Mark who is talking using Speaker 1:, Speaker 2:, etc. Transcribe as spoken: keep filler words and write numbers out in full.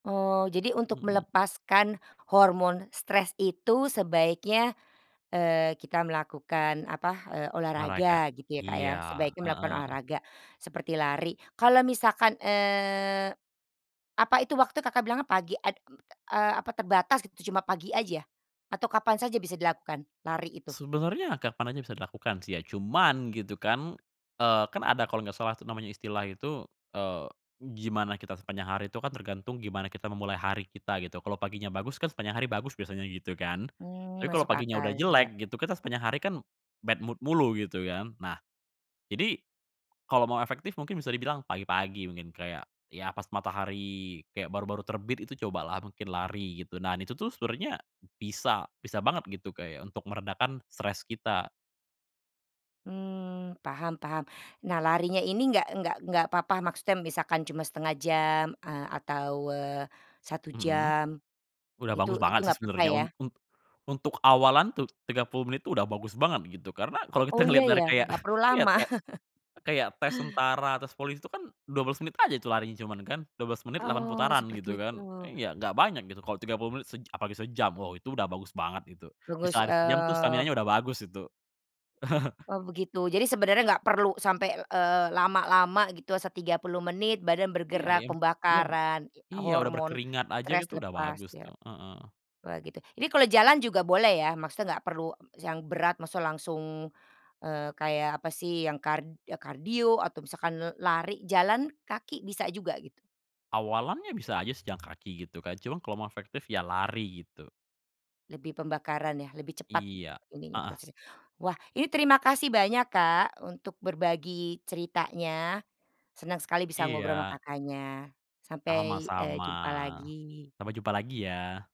Speaker 1: Oh, jadi untuk
Speaker 2: Mhm.
Speaker 1: melepaskan hormon stres itu sebaiknya, eee, kita melakukan apa, eee,
Speaker 2: Olahraga
Speaker 1: olahraga gitu ya, Kak, ya?
Speaker 2: iya,
Speaker 1: Sebaiknya melakukan
Speaker 2: heeh.
Speaker 1: olahraga, seperti lari. Kalau misalkan, eee, apa itu, waktu Kakak bilang pagi ad eee, apa terbatas gitu cuma pagi aja atau kapan saja bisa dilakukan lari itu?
Speaker 2: Sebenernya kapan aja bisa dilakukan sih ya, cuman gitu kan. Eee, kan ada kalo enggak salah tuh namanya istilah itu, eee, gimana kita sepanjang hari itu kan tergantung gimana kita memulai hari kita gitu. Kalo paginya bagus kan sepanjang hari bagus biasanya gitu kan.
Speaker 1: Mmm,
Speaker 2: Tapi kalo
Speaker 1: masuk
Speaker 2: paginya udah
Speaker 1: akal, iya.
Speaker 2: jelek gitu, kita sepanjang hari kan bad mood mulu gitu kan. Nah, jadi kalau mau efektif mungkin bisa dibilang pagi-pagi mungkin, kayak ya, pas matahari, kayak baru-baru terbit, itu cobalah mungkin lari gitu. Nah, ini itu tuh sebenernya bisa bisa banget gitu kayak untuk meredakan stres kita.
Speaker 1: Mmm, paham-paham. Nah, larinya ini enggak enggak enggak papa maksudnya misalkan cuma setengah jam eee, atau, eee, satu
Speaker 2: Mhm.
Speaker 1: jam,
Speaker 2: Udah
Speaker 1: itu
Speaker 2: bagus
Speaker 1: itu
Speaker 2: banget sih,
Speaker 1: enggak papa
Speaker 2: sebenernya
Speaker 1: ya?
Speaker 2: un un untuk awalan tuh tiga puluh menit tuh, udah bagus banget gitu, karena kalo kita
Speaker 1: Oh, iya,
Speaker 2: ngeliat dari
Speaker 1: ya,
Speaker 2: kayak,
Speaker 1: enggak perlu
Speaker 2: ya
Speaker 1: lama.
Speaker 2: ta kayak tes tentara terus polisi tuh kan dua belas menit aja tuh larinya cuman kan, dua belas menit delapan
Speaker 1: Oh,
Speaker 2: putaran gitu
Speaker 1: seperti
Speaker 2: kan,
Speaker 1: itu.
Speaker 2: iya, enggak banyak gitu. Kalo tiga puluh menit sej apalagi sejam, wah itu udah bagus banget itu, bisa
Speaker 1: [unintelligible]
Speaker 2: lari sejam tuh staminanya
Speaker 1: eee
Speaker 2: udah bagus itu.
Speaker 1: Oh, begitu. Jadi sebenarnya enggak perlu sampai, eee, lama-lama gitu se tiga puluh menit badan
Speaker 2: Iya,
Speaker 1: bergerak,
Speaker 2: yang iya, ba
Speaker 1: pembakaran, itu
Speaker 2: iya, udah
Speaker 1: hormon
Speaker 2: berkeringat aja
Speaker 1: stres
Speaker 2: gitu udah
Speaker 1: lepas
Speaker 2: bagus
Speaker 1: ya.
Speaker 2: tuh. Heeh.
Speaker 1: Wah, gitu, ini kalau jalan juga boleh ya maksudnya, enggak perlu yang berat maksudnya langsung, eee, kayak apa sih, yang kar kardio atau misalkan lari, jalan kaki bisa juga, gitu?
Speaker 2: Awalannya bisa aja sih jalan kaki gitu kan, cuman kalau mau efektif ya lari gitu.
Speaker 1: Lebih pembakaran ya, lebih cepat
Speaker 2: Iya,
Speaker 1: ininya,
Speaker 2: heeh.
Speaker 1: prosesnya. Wah, ini terima kasih banyak, Kak, untuk berbagi ceritanya. Senang sekali bisa ngobrol sama
Speaker 2: Iya.
Speaker 1: Kakaknya. Sampai, eee,
Speaker 2: Sama-sama.
Speaker 1: jumpa lagi.
Speaker 2: Sampai jumpa lagi ya.